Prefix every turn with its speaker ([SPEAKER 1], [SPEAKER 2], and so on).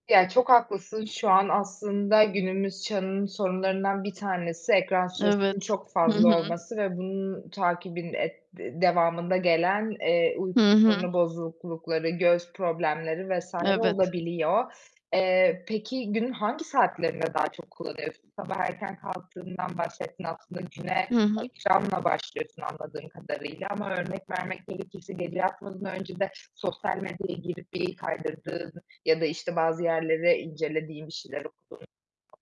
[SPEAKER 1] Ya, çok haklısın, şu an aslında günümüz çağının sorunlarından bir tanesi ekran süresinin
[SPEAKER 2] Evet,
[SPEAKER 1] çok
[SPEAKER 2] hı
[SPEAKER 1] fazla
[SPEAKER 2] hı.
[SPEAKER 1] olması ve bunun takibin et di devamında gelen, eee, uyku
[SPEAKER 2] Hı hı.
[SPEAKER 1] sorunu bozuklukları, göz problemleri vs.
[SPEAKER 2] Evet.
[SPEAKER 1] olabiliyor. Eee, peki günün hangi saatlerinde daha çok kullanıyorsun? Sabah erken kalktığından bahsettin aslında güne,
[SPEAKER 2] Hı hı.
[SPEAKER 1] ekranla başlıyorsun anladığım kadarıyla ama örnek vermek gerekirse gece yatmadan önce de sosyal medyaya girip bir kaydırdığın ya da, işte, bazı yerleri incelediğin bir şeyler okuduğun